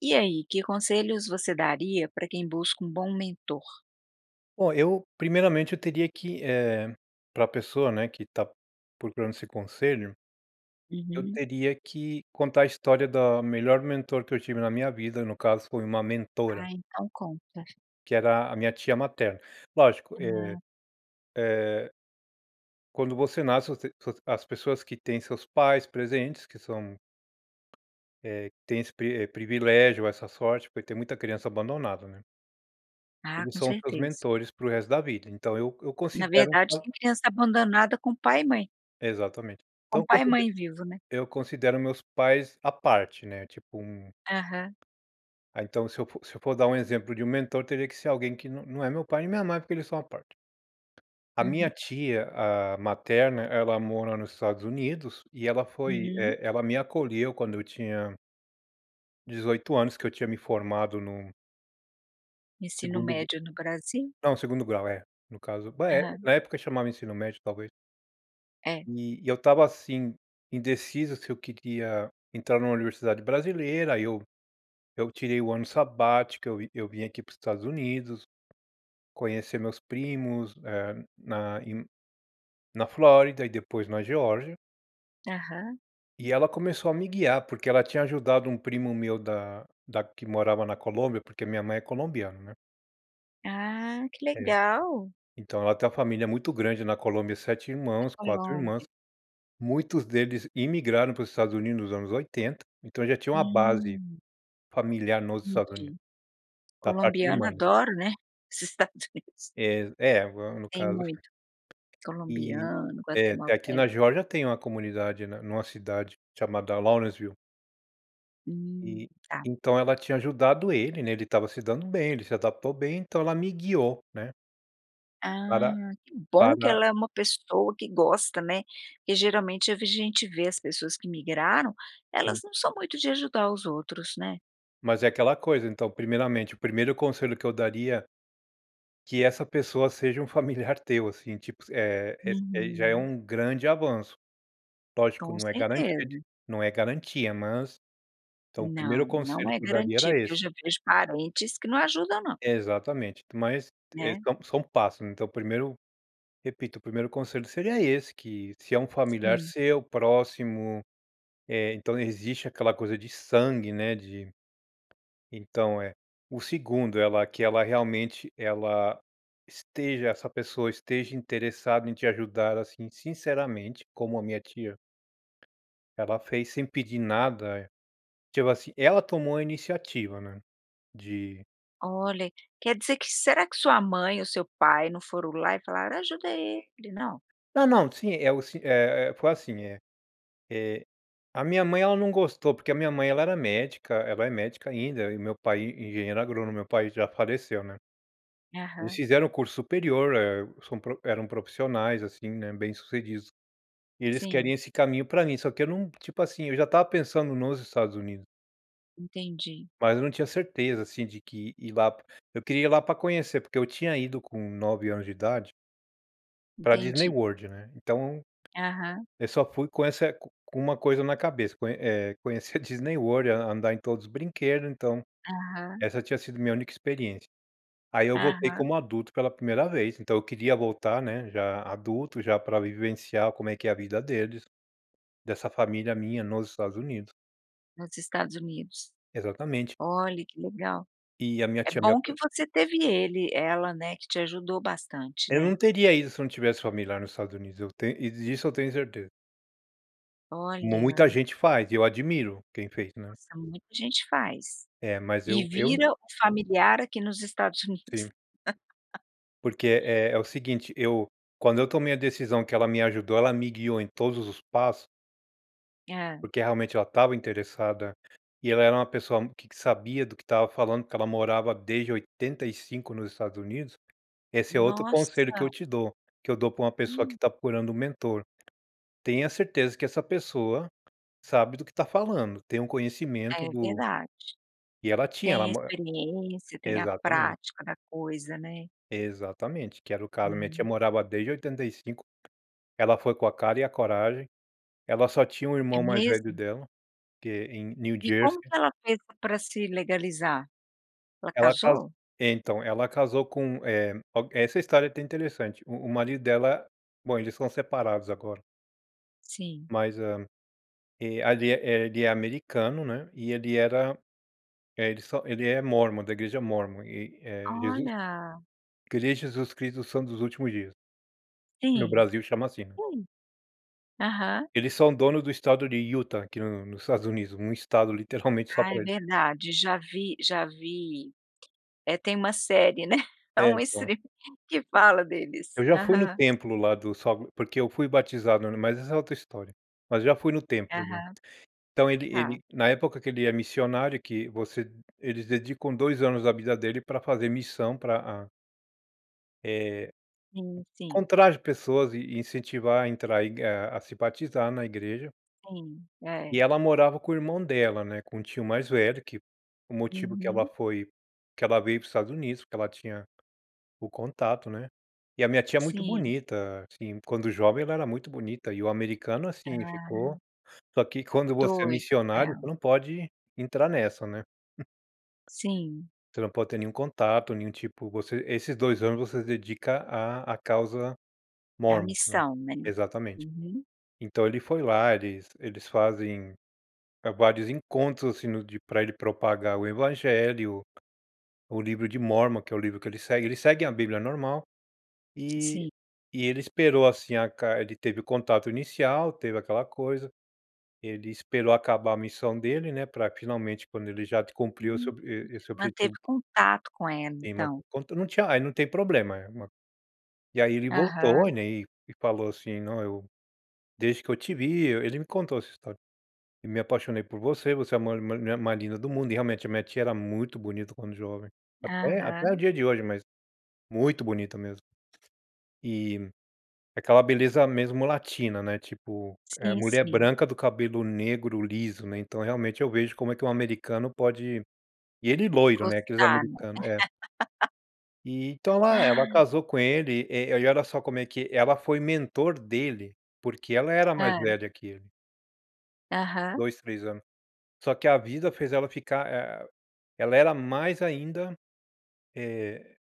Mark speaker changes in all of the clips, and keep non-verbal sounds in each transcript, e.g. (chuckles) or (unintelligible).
Speaker 1: E aí, que conselhos você daria pra quem busca um bom mentor?
Speaker 2: Ó, eu, primeiramente, eu teria que eh, pra pessoa, né, que tá procurando esse conselho, eu
Speaker 1: Uhum.
Speaker 2: teria que contar a história da melhor mentor que eu tive na minha vida. No caso, foi uma mentora
Speaker 1: Ah, então conta.
Speaker 2: que era a minha tia materna. Lógico eh
Speaker 1: Hum.
Speaker 2: eh quando você nasce você os as pessoas que têm seus pais presentes, que são eh, que têm esse pri eh, privilégio essa sorte, porque tem muita criança abandonada, né.
Speaker 1: Ah,
Speaker 2: Eles
Speaker 1: com
Speaker 2: são os meus
Speaker 1: certeza.
Speaker 2: mentores pro resto da vida. Então eu eu
Speaker 1: Na
Speaker 2: considero.
Speaker 1: verdade tem
Speaker 2: (unintelligible)
Speaker 1: criança abandonada com pai e mãe.
Speaker 2: Exatamente. Então
Speaker 1: Com
Speaker 2: eu
Speaker 1: pai e
Speaker 2: conside
Speaker 1: mãe vivo, né?
Speaker 2: eu considero meus pais à parte, né, tipo, um
Speaker 1: Aham.
Speaker 2: ah, então se eu for se eu for dar um exemplo de um mentor, teria que ser alguém que nã não é meu pai a minha mãe, porque eles são à parte. A minha
Speaker 1: Uhum.
Speaker 2: tia, ah, materna, ela mora nos Estados Unidos e ela foi
Speaker 1: Uhum.
Speaker 2: eh, ela me acolheu quando eu tinha 18 anos, que eu tinha me formado num
Speaker 1: Ensino
Speaker 2: segundo gru
Speaker 1: médio no Brasil?
Speaker 2: não, segundo grau, é, no caso. Ba eh,
Speaker 1: Aham.
Speaker 2: na época chamava ensino médio, talvez.
Speaker 1: É.
Speaker 2: E e eu estava, assim, indeciso se eu queria entrar numa universidade brasileira. Aí eu eu tirei um ano sabático, eu vi eu vim aqui para os Estados Unidos, conhecer meus primos, eh, na em na Flórida e depois na Geórgia.
Speaker 1: Aham.
Speaker 2: E ela começou a me guiar, porque ela tinha ajudado um primo meu da da que morava na Colômbia, porque minha mãe é colombiana, né.
Speaker 1: Ah, que
Speaker 2: É,
Speaker 1: legal.
Speaker 2: então ela tem uma família muito grande na Colômbia, 7
Speaker 1: Na
Speaker 2: irmãos, 4 irmãs,
Speaker 1: Colombia.
Speaker 2: muitos deles imigraram para os Estados Unidos nos anos 80, então eu já tinha uma base
Speaker 1: Hum.
Speaker 2: familiar nos Estados Unidos,
Speaker 1: Entendi,
Speaker 2: da parte de
Speaker 1: Colombiano
Speaker 2: mãe.
Speaker 1: adora, né, os Estados Unidos.
Speaker 2: É, é agora no
Speaker 1: Tem
Speaker 2: caso.
Speaker 1: muito,
Speaker 2: E,
Speaker 1: colombiano,
Speaker 2: é é aqui
Speaker 1: guatemalteco.
Speaker 2: na Geórgia tem uma comunidade, né, numa cidade chamada Lawrenceville.
Speaker 1: Hum,
Speaker 2: E,
Speaker 1: tá.
Speaker 2: então ela tinha ajudado ele, né, ele estava se dando bem, ele se adaptou bem, então ela me guiou, né para
Speaker 1: Ah, que bom que
Speaker 2: para
Speaker 1: ela é uma pessoa que gosta, né, porque, geralmente eu vi gente vê as pessoas que migraram, elas
Speaker 2: Sim.
Speaker 1: não são muito de ajudar os outros, né.
Speaker 2: Mas é aquela coisa, então, primeiramente, o primeiro conselho que eu daria, que essa pessoa seja um familiar teu assim, tipo, é é ai já é
Speaker 1: Uhum.
Speaker 2: um grande avanço, lógico
Speaker 1: Com
Speaker 2: não é garantia de
Speaker 1: certeza.
Speaker 2: não é garantia mas, então, o primeiro
Speaker 1: Não, não
Speaker 2: conselho
Speaker 1: é
Speaker 2: que eu daria
Speaker 1: garantia,
Speaker 2: era
Speaker 1: porque eu
Speaker 2: esse.
Speaker 1: já vejo parentes que não ajuda, não.
Speaker 2: Exatamente, mas é
Speaker 1: Né.
Speaker 2: são são passos, né, então o primeiro, repito, o primeiro conselho seria esse, que se é um familiar
Speaker 1: Sim.
Speaker 2: seu, próximo, eh, então existe aquela coisa de sangue, né, de então é, o segundo, ela que ela realmente, ela esteja essa pessoa esteja interessada em te ajudar assim, sinceramente como a minha tia, ela fez sem pedir nada, tipo assim, ela tomou a iniciativa né, de
Speaker 1: Olha, quer dizer que será que sua mãe ou seu pai não foram lá e falaram: "Ajuda ele", não?
Speaker 2: Não, não, sim, é o sim é é foi assim, eh eh, a minha mãe ela não gostou, porque a minha mãe ela era médica, ela é médica ainda, e meu pai e engenheiro agrônomo, meu pai já faleceu, né. Eles
Speaker 1: Aham.
Speaker 2: fizeram curso superior, eh, são pro eram profissionais assim, né, bem sucedidos, e eles
Speaker 1: Sim.
Speaker 2: queriam esse caminho para mim, só que eu não tipo assim, eu já estava pensando nos Estados Unidos.
Speaker 1: Entendi.
Speaker 2: Mas eu não tinha certeza, assim, de que ir lá p eu queria ir lá para conhecer, porque eu tinha ido com 9 anos de idade pra Disney
Speaker 1: Entendi.
Speaker 2: World, né, então
Speaker 1: Aham.
Speaker 2: eu só fui com essa co com uma coisa na cabeça, conhe eh, conhecer a Disney World, an andar em todos os brinquedos, então
Speaker 1: Aham.
Speaker 2: essa tinha sido minha única experiência. Aí eu voltei
Speaker 1: Aham.
Speaker 2: como adulto pela primeira vez, então eu queria voltar, né, já adulto, já pra vivenciar como é que é a vida deles, dessa família minha nos Estados Unidos.
Speaker 1: Nos Estados Unidos.
Speaker 2: Exatamente.
Speaker 1: Olhe, que legal.
Speaker 2: E a minha
Speaker 1: É
Speaker 2: tia me
Speaker 1: bom que
Speaker 2: aco
Speaker 1: você teve ele ela, né, que te ajudou bastante,
Speaker 2: Eu não
Speaker 1: né.
Speaker 2: teria ido se eu não tivesse família lá nos Estados Unidos, eu tenho e disso eu tenho certeza. Mu muita
Speaker 1: Olha.
Speaker 2: gente faz, e eu admiro quem fez, né.
Speaker 1: Nossa, muita gente faz.
Speaker 2: É, mas
Speaker 1: E
Speaker 2: eu eu
Speaker 1: vira o familiar aqui nos Estados Unidos.
Speaker 2: Sim.
Speaker 1: (laughs)
Speaker 2: Porque é é o seguinte, eu quando eu tomei a decisão que ela me ajudou, ela me guiou em todos os passo
Speaker 1: Hã.
Speaker 2: porque realmente ela tava interessada, e ela era uma pessoa que sabia do que estava falando, porque ela morava desde 85 nos Estados Unidos, esse é outro conselho que eu
Speaker 1: Nossa.
Speaker 2: te dou, que eu dou pra uma pessoa que
Speaker 1: Hum.
Speaker 2: está procurando um mentor. Tenha certeza que essa pessoa sabe do que está falando, tem um conhecimento
Speaker 1: É
Speaker 2: do
Speaker 1: verdade.
Speaker 2: E ela tinha,
Speaker 1: Tem
Speaker 2: ela
Speaker 1: a
Speaker 2: mo
Speaker 1: experiência, tem a
Speaker 2: Exatamente.
Speaker 1: prática da coisa, né.
Speaker 2: Exatamente, que era o caso, a minha tia
Speaker 1: Hum.
Speaker 2: morava desde 85. Ela foi com a cara e a coragem. Ela só tinha o
Speaker 1: É
Speaker 2: irmão mais velho
Speaker 1: mesmo?
Speaker 2: dela, que em New
Speaker 1: E como
Speaker 2: Jersey.
Speaker 1: que ela fez para se legalizar? Ela
Speaker 2: Ela caso
Speaker 1: casou?
Speaker 2: então, ela casou com, eh, o essa história é até interessante, o o marido dela bom, eles são separados agora.
Speaker 1: Sim.
Speaker 2: Mas é. E ali, eh eh, ele é americano, né, e ele era eh, ele só ele é Mormon, da igreja Mormon, e, eh, Jesus
Speaker 1: Olha.
Speaker 2: Igreja Jesus Cristo do Santos dos Últimos Dias. No
Speaker 1: Sim.
Speaker 2: Brasil chama assim, né.
Speaker 1: Hum. Aham.
Speaker 2: Eles são dono do Estado de Utah aqui no nos Estados Unidos, um Estado (chuckles) literalmente, só
Speaker 1: Ah,
Speaker 2: pra
Speaker 1: é
Speaker 2: eles.
Speaker 1: verdade. Já vi já vi eh, tem uma série, né. É
Speaker 2: É,
Speaker 1: um
Speaker 2: então
Speaker 1: streaming que fala
Speaker 2: Eu
Speaker 1: deles.
Speaker 2: já fui no
Speaker 1: Aham.
Speaker 2: templo lá, do só porque eu fui batizado no mas essa é outra história. Mas já fui no templo, né.
Speaker 1: Aham.
Speaker 2: Então ele
Speaker 1: Tá.
Speaker 2: ele na época que ele é missionário, que você eles dedicam 2 anos da vida dele pra fazer missão pra a eh,
Speaker 1: Sim, sim.
Speaker 2: encontrar as pessoas e e incentivar a entrar, e ga a se batizar na igreja.
Speaker 1: Sim, é.
Speaker 2: E ela morava com o irmão dela, né, com o tio mais velho que o motivo que ela
Speaker 1: Uhum.
Speaker 2: foi que ela veio para o Estados Unidos, porque ela tinha o contato, né. E a minha tia muito
Speaker 1: Sim.
Speaker 2: bonita, assim, quando jovem, ela era muito bonita e o americano, assim, ficou
Speaker 1: Ah.
Speaker 2: só que quando você é
Speaker 1: Doido com
Speaker 2: missionário, você
Speaker 1: ela.
Speaker 2: não pode entrar nessa, né. (chuckles)
Speaker 1: Sim.
Speaker 2: Você não pode ter nenhum contato, nenhum tipo você esses 2 anos, você se dedica à à causa
Speaker 1: É a
Speaker 2: Mormon, né.
Speaker 1: missão, né.
Speaker 2: Exatamente.
Speaker 1: Uhum.
Speaker 2: Então ele foi lá, eles eles fazem, eh, vários encontros, assim, no de pra ele propagar o evangelho, o livro de Mormon, que é o livro que ele segue, eles seguem a bíblia normal. E
Speaker 1: Sim.
Speaker 2: e ele esperou, assim, a ca ele teve o contato inicial, teve aquela coisa, ele esperou acabar a missão dele, né, pra, finalmente, quando ele já cumpriu esse
Speaker 1: Hum,
Speaker 2: ob e e esse objetivo
Speaker 1: manteve contato com ela,
Speaker 2: É, ma
Speaker 1: então.
Speaker 2: quanto não tinha aí, não tem problema, é uma e aí ele voltou,
Speaker 1: Aham.
Speaker 2: né, e e falou assim: "Não, eu desde que eu te vi" ele me contou essa história, "e me apaixonei por você. Você é a ma mu mulher mais linda do mundo", e realmente a minha tia era muito bonita quando jovem. Até até o
Speaker 1: Aham.
Speaker 2: dia de hoje, mas muito bonita mesmo. E aquela beleza mesmo latina, né, tipo, ah,
Speaker 1: Sim,
Speaker 2: mulher
Speaker 1: sim.
Speaker 2: branca, do cabelo negro liso, né, então realmente, eu vejo como é que o americano pode e ele loiro, né, aqueles
Speaker 1: Gostar, né.
Speaker 2: americano é. E então
Speaker 1: (laughs)
Speaker 2: ela ela
Speaker 1: Ah.
Speaker 2: casou com ele, eh, e olha só como é que ela foi mentor dele, porque ela era mais
Speaker 1: Hã.
Speaker 2: velha que ele.
Speaker 1: Aham.
Speaker 2: 2, 3 ano. Só que a vida fez ela ficar, eh, ela era mais ainda, eh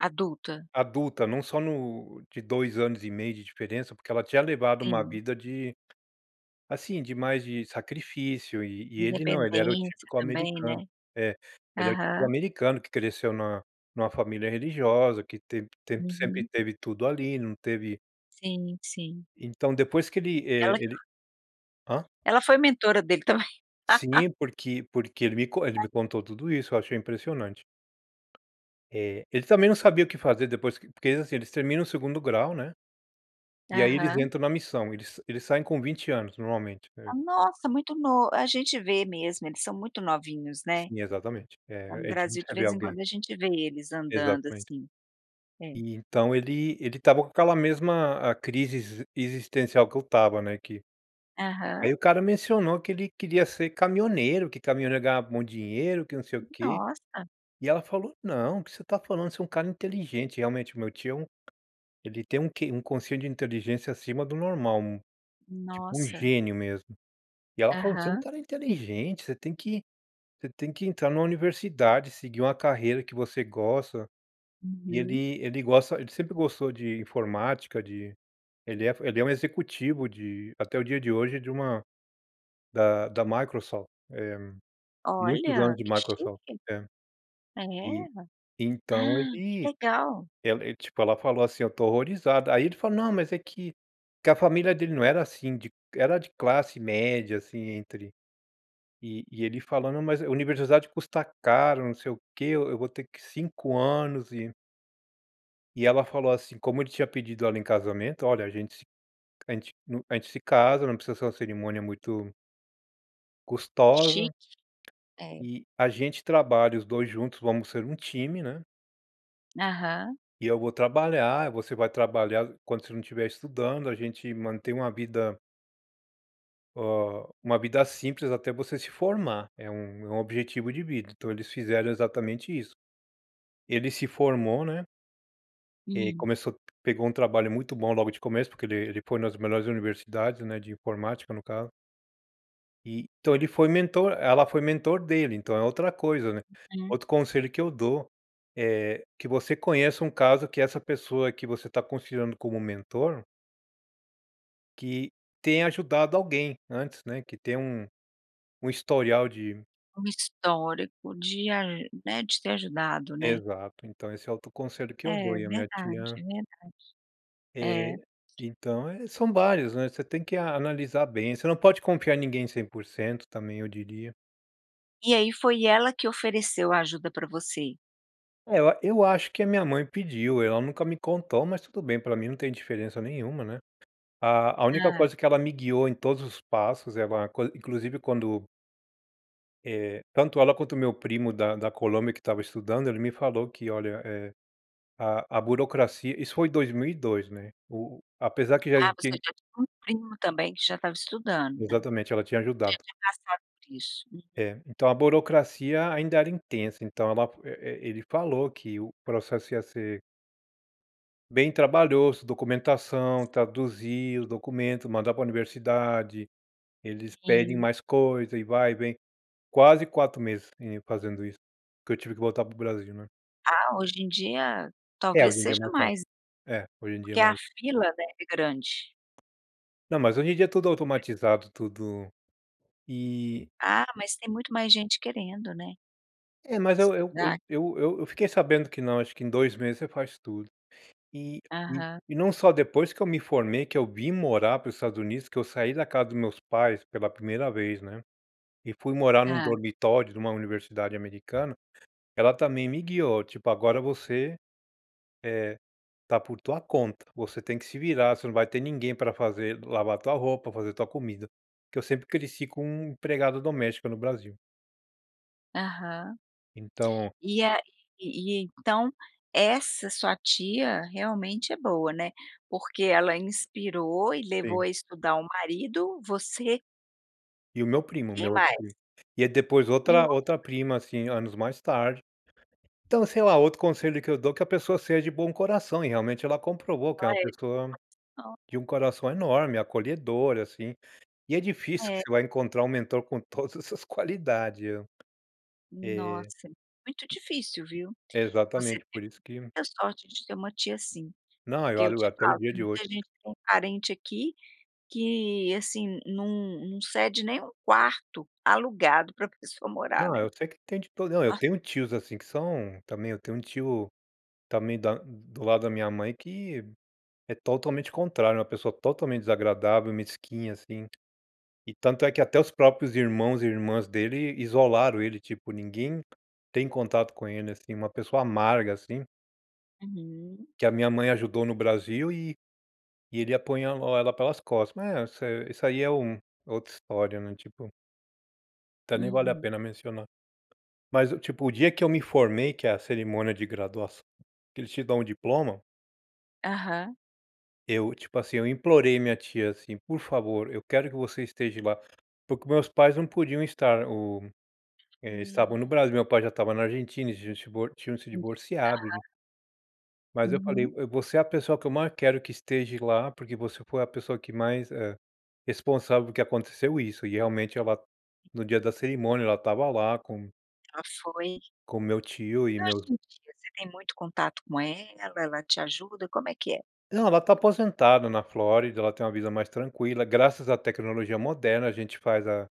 Speaker 1: Adulta.
Speaker 2: Adulta, não só no de 2 anos e meio de diferença, porque ela tinha levado uma
Speaker 1: Sim.
Speaker 2: vida de, assim, de mais de sacrifício, e e ele não, ele era o
Speaker 1: Independência
Speaker 2: típico
Speaker 1: também,
Speaker 2: americano
Speaker 1: né.
Speaker 2: é. Ele era o típico
Speaker 1: Aham.
Speaker 2: americano que cresceu na numa família religiosa, que te te sempre
Speaker 1: Uhum.
Speaker 2: teve tudo ali, não teve
Speaker 1: Sim, sim.
Speaker 2: Então depois que ele, eh,
Speaker 1: Ela
Speaker 2: ele hã?
Speaker 1: ela foi mentora dele também. (laughs)
Speaker 2: Sim, porque porque ele me co ele me contou tudo isso. Eu achei impressionante. Eh, ele também não sabia o que fazer depois q porque eles, assim, eles terminam o segundo grau, né, e aí eles
Speaker 1: Aham.
Speaker 2: entram na missão. Eles eles saem com 20 anos, normalmente. É.
Speaker 1: Ah, nossa, muito no a gente vê mesmo, eles são muito novinhos, né.
Speaker 2: Sim, exatamente.
Speaker 1: Lá
Speaker 2: É
Speaker 1: no
Speaker 2: é
Speaker 1: Brasil, de
Speaker 2: (unintelligible) ver
Speaker 1: vez em
Speaker 2: alguém
Speaker 1: quando, a gente vê eles andando,
Speaker 2: exatamente.
Speaker 1: assim. É.
Speaker 2: E então ele ele estava com aquela mesma a crise exis existencial que eu estava, né, que
Speaker 1: Aham.
Speaker 2: aí o cara mencionou que ele queria ser caminhoneiro, que caminhoneiro ganhava um bom dinheiro, que não sei o quê.
Speaker 1: Nossa.
Speaker 2: E ela falou: "Não, o que você tá falando? Você é um cara inteligente" e, realmente, o meu tio é um ele tem um QI, um quociente de inteligência acima do normal, um tipo um
Speaker 1: Nossa.
Speaker 2: gênio mesmo. E ela falou: "Você é um
Speaker 1: Aham.
Speaker 2: cara inteligente, você tem que você tem que entrar numa universidade, seguir uma carreira que você gosta". E
Speaker 1: Uhum.
Speaker 2: ele ele gosta ele sempre gostou de informática, de ele é ele é um executivo de até o dia de hoje, de uma da da Microsoft. Eh, muitos
Speaker 1: Olha,
Speaker 2: anos de
Speaker 1: que
Speaker 2: Microsoft.
Speaker 1: chique.
Speaker 2: É, e
Speaker 1: É?
Speaker 2: então
Speaker 1: (gasps)
Speaker 2: ele
Speaker 1: Que legal!
Speaker 2: ela ele tipo, ela falou assim, ó: "Tô horrorizada". Aí ele falou: "Não, mas é que" que a família dele não era assim de era de classe média, assim, entre e e ele falando: "Mas universidade custa caro, não sei o que, eu eu vou ter que 5 anos e" E ela falou, assim, como ele tinha pedido ela em casamento: "Olha a gente se a gente hum, a gente se casa, não precisa ser uma cerimônia muito" custosa
Speaker 1: Chique. É.
Speaker 2: eh, a gente trabalha, os 2 juntos, vamos ser um time, né
Speaker 1: Aham.
Speaker 2: e eu vou trabalhar, você vai trabalhar, quando você não estiver estudando. A gente mantém uma vida "hâ, uma vida simples, até você se formar. É um é um objetivo de vida", então, eles fizeram exatamente isso. Ele se formou, né e, aí,
Speaker 1: Hum.
Speaker 2: começou pegou um trabalho muito bom logo de começo, porque ele ele foi nas melhores universidades, né, de informática, no caso eh, então, ele foi mentor ela foi mentor dele, então, é outra coisa, né.
Speaker 1: Uhum.
Speaker 2: Outro conselho que eu dou, eh, que você conheça um caso que essa pessoa que você tá considerando como um mentor que tenha ajudado alguém antes, né, que tem um um historial de
Speaker 1: Uma história que podia eh, né, de ter ajudado, né.
Speaker 2: Exato, então, esse é o outro conselho que eu dou,
Speaker 1: É,
Speaker 2: e a minha
Speaker 1: verdade,
Speaker 2: tia
Speaker 1: é verdade. É.
Speaker 2: Eh, então, eh, são vários, né, você tem que a analisar bem você não pode confiar em ninguém 100% também, eu diria.
Speaker 1: E, aí, foi ela que ofereceu a ajuda pra você?
Speaker 2: É eu eu acho que a minha mãe pediu, ela nunca me contou, mas tudo bem, pra mim não tem diferença nenhuma, né. A a única
Speaker 1: Tá.
Speaker 2: coisa que ela me guiou, em todos os passos, ela quan inclusive quando eh, tanto ela, quanto o meu primo da da Colômbia, que estava estudando, ele me falou que: "Olha, eh, a a burocracia", isso foi 2002, né. O o apesar que já
Speaker 1: Ah, você
Speaker 2: existia
Speaker 1: já tinha um primo também que já estava estudando, né,
Speaker 2: Exatamente, ela tinha
Speaker 1: já
Speaker 2: ajudado.
Speaker 1: tinha passado por isso. Uhum.
Speaker 2: É, então a burocracia ainda era intensa, então, ela e e ele falou que o processo ia ser bem trabalhoso, documentação, traduziu, o documento, mandar pra universidade. Eles pedem
Speaker 1: Sim.
Speaker 2: mais coisa e vai, vem. Quase 4 meses, eh, fazendo isso, porque eu tive que voltar para o Brasil, né.
Speaker 1: Ah, hoje em dia,
Speaker 2: É, hoje
Speaker 1: talvez
Speaker 2: em dia é
Speaker 1: seja
Speaker 2: mais fácil,
Speaker 1: mais
Speaker 2: é, hoje em dia é
Speaker 1: porque
Speaker 2: mais
Speaker 1: a fila deve grande
Speaker 2: Não, mas hoje em dia é tudo automatizado, tudo e
Speaker 1: Ah, mas tem muito mais gente querendo, né.
Speaker 2: É, mas eu eu eu
Speaker 1: Estudar.
Speaker 2: eu eu fiquei sabendo que não, acho que em 2 meses você faz tudo. E e
Speaker 1: Aham.
Speaker 2: e não só depois que eu me formei, que eu vim morar para os Estados Unidos, que eu saí da casa dos meus pais pela primeira vez, né. E fui morar num
Speaker 1: Hã.
Speaker 2: dormitório de uma universidade americana, ela também me guiou, tipo, "agora você, eh, tá por tua conta, você tem que se virar, você não vai ter ninguém pra fazer lavar tua roupa, fazer tua comida". Que eu sempre cresci com empregada doméstica no Brasil.
Speaker 1: Aham.
Speaker 2: Então
Speaker 1: E a e e então essa sua tia realmente é boa, né, porque ela inspirou e levou
Speaker 2: Sim.
Speaker 1: à estudar o marido, você
Speaker 2: E o meu
Speaker 1: e
Speaker 2: primo, o
Speaker 1: quem
Speaker 2: meu outro
Speaker 1: mais?
Speaker 2: primo. E é depois
Speaker 1: E o
Speaker 2: outra
Speaker 1: outro
Speaker 2: outra
Speaker 1: pri
Speaker 2: prima, assim, anos mais tarde. Então, sei lá, outro conselho que eu dou é que a pessoa seja bom coração, e realmente ela comprovou que é
Speaker 1: Ela
Speaker 2: uma pessoa
Speaker 1: é.
Speaker 2: de
Speaker 1: (unintelligible)
Speaker 2: um coração enorme, acolhedor, assim. E é difícil que
Speaker 1: É.
Speaker 2: você vai encontrar mentor com todas essas qualidade, eh. Eh
Speaker 1: Nossa, muito difícil, viu. Você
Speaker 2: exatamente,
Speaker 1: te
Speaker 2: por isso que
Speaker 1: muita sorte de ter uma tia assim.
Speaker 2: Não eu
Speaker 1: Porque eu
Speaker 2: olho
Speaker 1: te
Speaker 2: até o
Speaker 1: falo,
Speaker 2: dia
Speaker 1: tem
Speaker 2: de hoje.
Speaker 1: muita gente com parente aqui que, assim, num num cede nem o quarto alugado para pessoa morar,
Speaker 2: Não,
Speaker 1: né.
Speaker 2: eu sei que tem todo não, eu
Speaker 1: Ah
Speaker 2: tenho tios, assim, que são também eu tenho tio também da do lado da minha mãe que é totalmente contrário, é uma pessoa totalmente desagradável, mesquinha, assim. E tanto é que até os próprios irmãos e irmãs dele isolaram ele, tipo, ninguém tem contato com ele, assim, uma pessoa amarga, assim.
Speaker 1: Uhum.
Speaker 2: Que a minha mãe ajudou no Brasil e e ele apunhalou ela pelas costas, mas é isso isso aí é um é outra história, né, tipo até nem vale a
Speaker 1: Uhum.
Speaker 2: pena mencionar. Mas eu, tipo, o dia que eu me formei, que a cerimônia de graduaç que eles te dão o diploma
Speaker 1: Aham.
Speaker 2: eu, tipo assim, eu implorei minha tia, assim: "Por favor, eu quero que você esteja lá". Porque meus pais não podiam estar, o eh, estavam no
Speaker 1: Hum.
Speaker 2: Brasil, meu pai já estava na Argentina, eles tinham se divor tinham se
Speaker 1: Entendi,
Speaker 2: divorciado, en
Speaker 1: aham.
Speaker 2: Mas eu falei:
Speaker 1: Uhum.
Speaker 2: "Eu você é a pessoa que eu mais quero que esteja lá, porque você foi a pessoa que mais, eh, responsável que aconteceu isso", e realmente ela, no dia da cerimônia, ela tava lá com
Speaker 1: Ela foi
Speaker 2: com meu tio e
Speaker 1: E hoje
Speaker 2: meus
Speaker 1: em dia, você tem muito contato com ela? Ela te ajuda? Como é que é?
Speaker 2: Não, ela tá aposentada na Flórida, ela tem uma vida mais tranquila, graças à tecnologia moderna, a gente faz a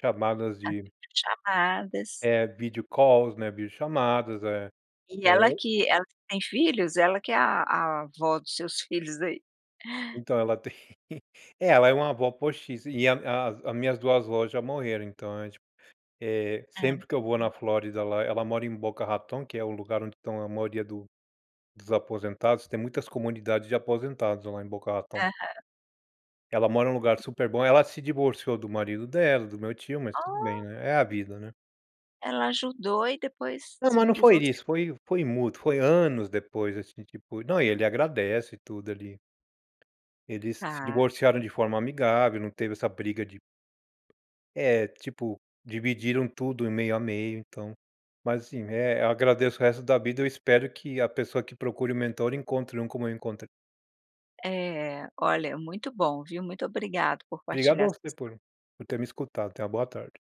Speaker 2: chamadas
Speaker 1: Faz
Speaker 2: de
Speaker 1: video chamadas.
Speaker 2: eh, video calls, né, vídeo chamadas, é
Speaker 1: E
Speaker 2: é
Speaker 1: ela
Speaker 2: o
Speaker 1: que ela que tem filhos? Ela que é a a avó dos seus filhos, ai. (chuckles)
Speaker 2: Então, ela (chuckles) tem eh, ela é uma avó postiça, e a a as minhas 2 avós já morreram, então a gente, eh,
Speaker 1: Hã,
Speaker 2: sempre que eu vou
Speaker 1: hum.
Speaker 2: na Flórida, lá ela mora em Boca Raton, que é o lugar onde estão a maioria do dos aposentados, tem muitas comunidades de aposentados lá em Boca Raton.
Speaker 1: Aham.
Speaker 2: Ela mora num lugar super bom, ela se divorciou do marido dela, do meu tio, mas tudo bem,
Speaker 1: Oh.
Speaker 2: né, é a vida, né.
Speaker 1: Ela ajudou e depois
Speaker 2: Ah,
Speaker 1: se
Speaker 2: mas não foi
Speaker 1: divorciou.
Speaker 2: isso, foi foi mútuo, foi anos depois, assim, tipo, não e ele agradece e tudo, ali. Eles se
Speaker 1: Tá.
Speaker 2: divorciaram de forma amigável, não teve essa briga de É, tipo, dividiram tudo em meio a meio, então mas assim, eh, eu agradeço o resto da vida, eu espero que a pessoa que procure um mentor encontre um como eu encontrei.
Speaker 1: É, olha, é muito bom, viu, muito obrigada por
Speaker 2: Obrigado a
Speaker 1: partilhar sua
Speaker 2: você
Speaker 1: histó
Speaker 2: por por ter me escutado. Tenha uma boa tarde.